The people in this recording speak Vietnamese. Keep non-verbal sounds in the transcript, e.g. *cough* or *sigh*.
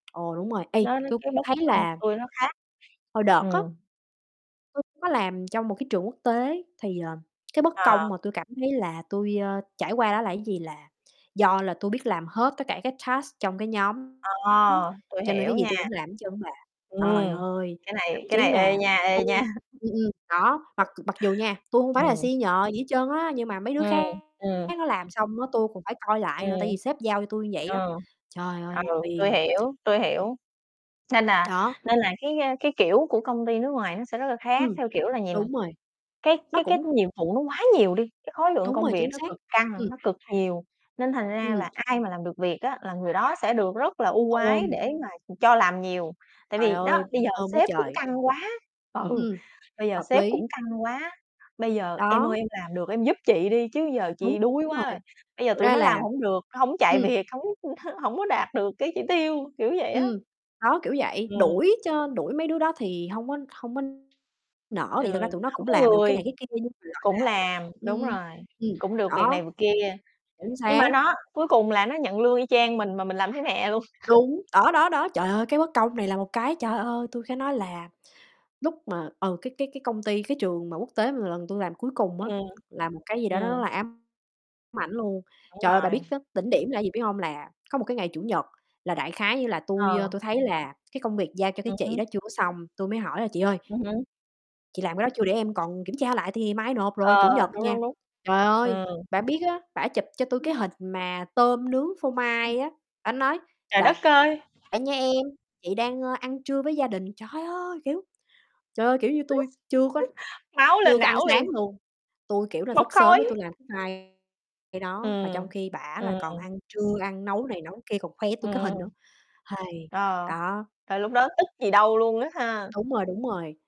Ồ, đúng rồi, ê, Nó nó tui cái bất thấy công là tui nó khác. Hồi đợt á, Ừm. tui có làm trong một cái trường quốc tế thì, ờ, cái bất công Ờ. mà tui cảm thấy là tui, ơ, trải qua đó là cái gì là do là tui biết làm hết tất cả cái task trong cái nhóm, Ờ, tui cho nên cái hiểu gì nha. tui cũng làm hết trơn bà. Trời Ừm, ơi! cái Thậm này cái chí này, ê mà nha, ê tui nha. ừm, ừm, đó, mặc mặc dù nha, tui không phải là Ừm. senior gì hết trơn á, nhưng mà mấy đứa Ừm, khác ừm. nó làm xong á tui còn phải coi lại Ừm. nữa, tại vì sếp giao cho tui như vậy á. Ờ, Trời ơi, nó ừ, tui phiền! hiểu, tui hiểu. Nên là Đó. nên là cái, ơ, cái kiểu của công ty nước ngoài nó sẽ rất là khác, Ừm, theo kiểu là gì mà đúng rồi. cái Nó cái cái cũng nhiệm vụ nó quá nhiều đi, cái khối lượng Đúng công rồi, việc chính nó xác. cực căng, Ừm. nó cực nhiều, nên thành ra Ừm. là ai mà làm được việc á là người đó sẽ được rất là ưu ái Ừm. để mà cho làm nhiều. Tại Trời vì, ơi, đó, bây giờ ôm quá sếp cũng trời! căng quá. Ừ, Ừm, bây giờ hợp sếp lý. cũng căng quá: "Bây giờ em Đó. ơi, em làm được em giúp chị đi chứ giờ Đúng, chị đuối đúng quá rồi, rồi, bây giờ thực tụi ra nó làm là hổng được, hổng chạy ừm. việc, hổng *chuckles* hổng có đạt được cái chỉ tiêu.", kiểu vậy á. Ừm, đó, kiểu vậy, Ừm. đuổi cho đuổi mấy đứa đó thì hông có hông có Ừ, nỡ thì thực ra tụi nó hổng cũng có làm được cái người, này cái kia nhưng mà, gọi là, cũng làm, đúng ưm rồi, ừm, cũng được việc này đó, việc kia. chính Nhưng mà xác. nó cuối cùng là nó nhận lương y chang mình mà mình làm thấy mẹ luôn. Đúng, đó, *laughs* đó, đó. Trời ơi, cái bất công này là một cái, trời ơi, tui phải nói là lúc mà ừ, cái cái cái công ty cái trường mà quốc tế mà lần tui làm cuối cùng á, Ừm, là một cái gì đó nó rất ừm. là ám ảnh luôn. Đúng Trời ơi, bà rồi. biết cái đỉnh điểm là cái gì biết hông? Là có một cái ngày Chủ nhật là đại khái như là tui, ơ, Ờ. tui thấy là cái công việc giao cho cái Ừm chị hứm. đó chưa có xong, tui mới hỏi là "Chị ơi, Ừm hứm. chị làm cái đó chưa để em còn kiểm tra lại tại vì mai nộp rồi.", Chủ Ờ, nhật đúng, nha. đúng, đúng. Trời ơi, Ừm. bả biết á, bả chụp cho tui cái *unintelligible* hình mà tôm nướng phô Ừm. mai á, bả nói: Trời "Đợi đất ơi! nha em, chị đang, ơ, ăn trưa với gia đình." Trời ơi, kiểu, trời ơi, kiểu như, tui chưa có *laughs* Máu lên chưa có ăn não liền. sáng luôn, tui, kiểu là, Bốc thức sớm khói. á tui làm cái file đó, mà trong Ừm, khi bả là ừm. còn ăn trưa, ăn nấu này nấu kia còn khoe với tui cái Ừm. hình nữa. *sighs* Ờ, Đó. rồi lúc đó tức gì đâu luôn á ha. Đúng rồi, đúng rồi.